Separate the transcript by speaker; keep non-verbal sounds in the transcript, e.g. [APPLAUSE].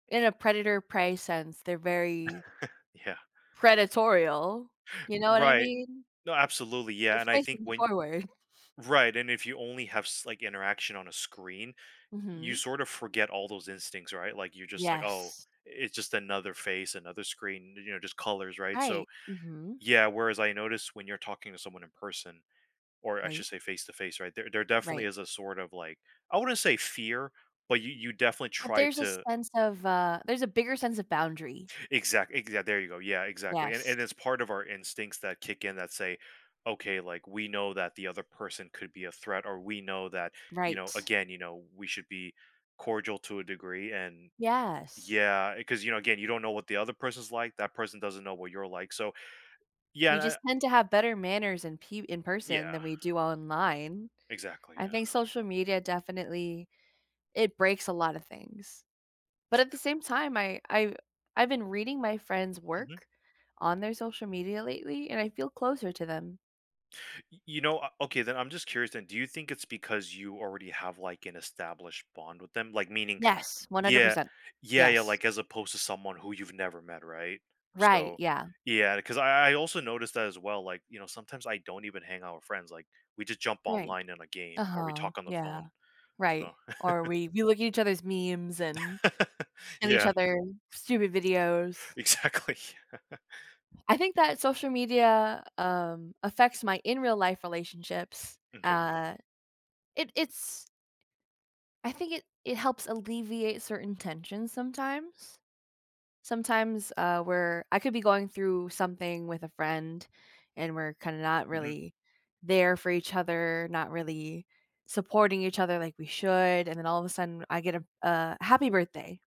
Speaker 1: In a predator prey sense, they're very
Speaker 2: [CHUCKLES] Yeah.
Speaker 1: predatorial, you know what I
Speaker 2: Right,
Speaker 1: mean.
Speaker 2: no, absolutely,
Speaker 1: They're
Speaker 2: yeah, and I think
Speaker 1: facing
Speaker 2: when
Speaker 1: forward.
Speaker 2: right, and if you only have s like, interaction on a screen, you
Speaker 1: Mhm.
Speaker 2: sort of forget all those instincts, right, like, you're just like, "Oh,
Speaker 1: Yes.
Speaker 2: it's just another face, another screen." n you know, just colors, right, so
Speaker 1: Right, mhm.
Speaker 2: yeah, whereas I noticed when you're talking to someone in person or I
Speaker 1: Right.
Speaker 2: should say face to face, right, there there definitely
Speaker 1: Right.
Speaker 2: is a sort of like I wouldn't say fear, but you you definitely
Speaker 1: But
Speaker 2: try
Speaker 1: there's a
Speaker 2: to
Speaker 1: sense of, uh there's a bigger sense of boundary.
Speaker 2: Exact exa there you go, yeah, exactly, and and
Speaker 1: Yes.
Speaker 2: it's part of our instincts that kick in that say, okay, like we know that the other person could be a threat, or we know that, you know
Speaker 1: Right.
Speaker 2: again, you know, we should be cordial to a degree and
Speaker 1: Yes.
Speaker 2: yeah, 'cause, you know, again, you don't know what the other person's like, that person doesn't know what you're like, so, yeah,
Speaker 1: We
Speaker 2: and, I
Speaker 1: just tend to have better manners and pe in person
Speaker 2: Yeah.
Speaker 1: than we do online.
Speaker 2: Exactly,
Speaker 1: I
Speaker 2: yeah.
Speaker 1: think social media definitely it breaks a lot of things, but
Speaker 2: Yeah.
Speaker 1: at the same time, I I I've been reading my friends'
Speaker 2: Mhm.
Speaker 1: work on their social media lately, and I feel closer to them.
Speaker 2: Y you know, uh, okay then, I'm just curious then, do you think it's because you already have, like, an established bond with them, like meaning,
Speaker 1: Yes, one hundred
Speaker 2: yeah
Speaker 1: percent,
Speaker 2: yeah yeah,
Speaker 1: yes.
Speaker 2: like, as opposed to someone who you've never met, right,
Speaker 1: Right,
Speaker 2: so
Speaker 1: yeah.
Speaker 2: yeah, cause I I also noticed that as well, like, you know, sometimes I don't even hang out with friends. Like we just jump
Speaker 1: Right,
Speaker 2: online in a game or we
Speaker 1: uh-huh,
Speaker 2: talk on the
Speaker 1: yeah
Speaker 2: phone,
Speaker 1: right,
Speaker 2: so
Speaker 1: or
Speaker 2: [CHUCKLES]
Speaker 1: we we look at each other's memes and
Speaker 2: [LAUGHS]
Speaker 1: and each
Speaker 2: Yeah.
Speaker 1: other, stupid videos.
Speaker 2: Exactly. [LAUGHS]
Speaker 1: I think that social media, um, affects my in real life relationships,
Speaker 2: M' kay.
Speaker 1: uh, it it's I think it it helps alleviate certain tensions sometimes sometimes, uh, we're I could be going through something with a friend, and we're kinda not
Speaker 2: Mhm.
Speaker 1: really there for each other, not really supporting each other like we should, and then all of a sudden I get a a happy birthday.